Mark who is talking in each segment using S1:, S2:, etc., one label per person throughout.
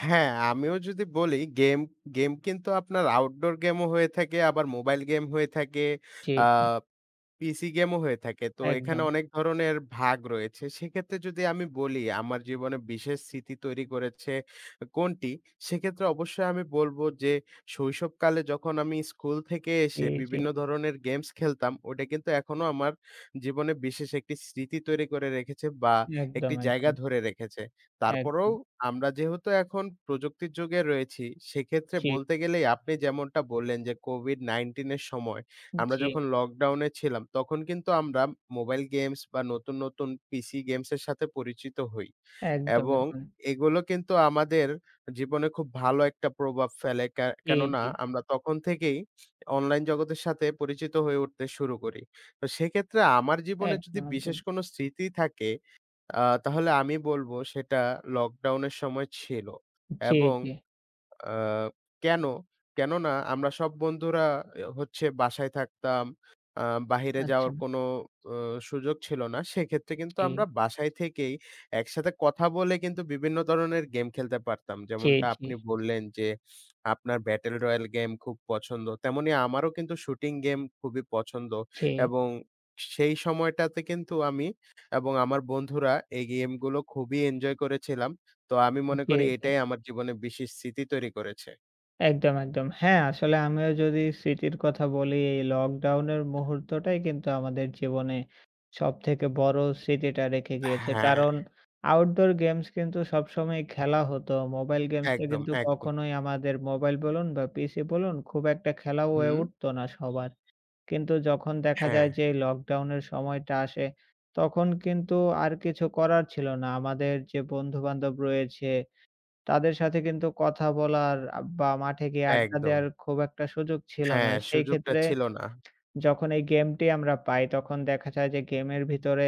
S1: হ্যাঁ, আমিও যদি বলি গেম গেম কিন্তু আপনার Outdoor game ও হয়ে থাকে, আবার মোবাইল গেম হয়ে থাকে,
S2: জে,
S1: আ
S2: জি।
S1: পিসি গেমও হয়ে থাকে। তো এখানে
S2: একদম।
S1: অনেক ধরনের ভাগ রয়েছে। সেক্ষেত্রে যদি আমি বলি আমার জীবনে বিশেষ স্মৃতি তৈরি করেছে কোনটি? সেক্ষেত্রে অবশ্যই আমি বলব যে শৈশবকালে যখন আমি স্কুল থেকে
S2: জি,
S1: এসে
S2: জি।
S1: বিভিন্ন ধরণের গেমস খেলতাম, ওইটা কিন্তু এখনো আমার জীবনে বিশেষ একটি স্মৃতি তৈরি করে রেখেছে বা একটি
S2: একদম,
S1: জায়গা
S2: একদম।
S1: ধরে রেখেছে। তারপরও
S2: একদম।
S1: আমরা যেহেতু এখন প্রযুক্তির যুগে রয়েছি সেক্ষেত্রে
S2: জি।
S1: বলতে গেলেই আপনি যেমনটা বললেন যে, কোভিড-১৯ এর সময় আমরা
S2: জি।
S1: যখন লকডাউনে ছিলাম তখন কিন্তু আমরা মোবাইল গেমস বা নতুন, নতুন পিসি গেমসের সাথে পরিচিত হই।
S2: একদম,
S1: এবং
S2: একদম।
S1: এগুলো কিন্তু আমাদের জীবনে খুব ভালো একটা প্রভাব ফেলে। কে
S2: জি,
S1: কেননা
S2: জি।
S1: আমরা তখন থেকেই অনলাইন জগতের সাথে পরিচিত হয়ে উঠতে শুরু করি। তো সেক্ষেত্রে আমার জীবনে যদি
S2: একদম,
S1: বিশেষ
S2: একদম।
S1: কোন স্মৃতি থাকে আ তাহলে আমি বলব সেটা লকডাউনের সময় ছিল।
S2: জে,
S1: এবং
S2: জি।
S1: আ কেন? কেননা আমরা সব বন্ধুরা এ হচ্ছে বাসায় থাকতাম। আ বাহিরে যাওয়ার
S2: আচ্ছা।
S1: কোনো ও সুযোগ ছিল না। সেক্ষেত্রে কিন্তু আমরা
S2: জি।
S1: বাসায় থেকেই একসাথে কথা বলে কিন্তু বিভিন্ন ধরনের গেম খেলতে পারতাম।
S2: জি,
S1: যেমনটা
S2: জি।
S1: আপনি বললেন যে "আপনার ব্যাটেল রয়াল গেম খুব পছন্দ।" তেমনি আমারও কিন্তু "শুটিং গেম খুবই পছন্দ।"
S2: জে।
S1: এবং সেই সময়টাতে কিন্তু আমি এবং আমার বন্ধুরা এই গেমগুলো খুবই এনজয় করেছিলাম। তো আমি মনে
S2: জি,
S1: করি
S2: জি।
S1: এটাই আমার জীবনে বিশেষ স্মৃতি তৈরি করেছে।
S2: একদম, একদম। হ্যাঁ, আসলে আমিও যদি স্মৃতির কথা বলি লকডাউনের মুহূর্তটাই কিন্তু আমাদের জীবনে সব থেকে বড়ো স্মৃতিটা রেখে গিয়েছে
S1: হ্যাঁ।
S2: কারণ আউটডোর গেমস কিন্তু সবসময়ই খেলা হতো। মোবাইল গেমসটা
S1: একদম,
S2: কিন্তু
S1: একদম।
S2: কখনোই আমাদের মোবাইল বলুন বা পিসি বলুন খুব একটা খেলা হয়ে
S1: হু।
S2: উঠতো না সবার। কিন্তু যখন দেখা
S1: হ্যাঁ।
S2: যায় যে লকডাউনের সময়টা আসে তখন কিন্তু আর কিছু করার ছিল না আমাদের যে বন্ধুবান্ধব রয়েছে তাদের সাথে কিন্তু কথা বলার আ বা মাঠে গিয়ে আড্ডা
S1: একদম।
S2: দেয়ার খুব একটা সুযোগ ছিল না।
S1: হ্যাঁ,
S2: সেই
S1: সুযোগটা
S2: ক্ষেত্রে
S1: ছিল না।
S2: যখন এই গেমটি আমরা পাই তখন দেখা যায় যে গেমের ভিতরে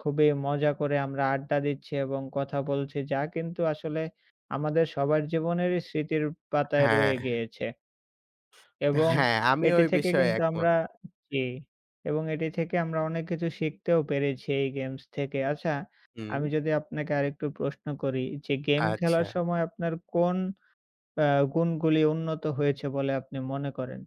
S2: খুবই মজা করে আমরা আড্ডা দিচ্ছি এবং কথা বলছি যা কিন্তু আসলে আমাদের সবার জীবনেরই স্মৃতির পাতায়
S1: হ্যাঁ।
S2: রয়ে গিয়েছে। এবং
S1: হ্যাঁ, আমিও
S2: এটি
S1: এই
S2: থেকে
S1: বিষয়ে
S2: কিন্তু
S1: একমত।
S2: আমরা জি, এবং এটি থেকে আমরা অনেক কিছু শিখতেও পেরেছি এই গেমস থেকে। আচ্ছা,
S1: হুম।
S2: আমি যদি আপনাকে আরেকটু প্রশ্ন করি, যে গেম খেলার
S1: আচ্ছা।
S2: সময় আপনার কোন অ্যা গুণগুলি উন্নত হয়েছে বলে আপনি মনে করেন?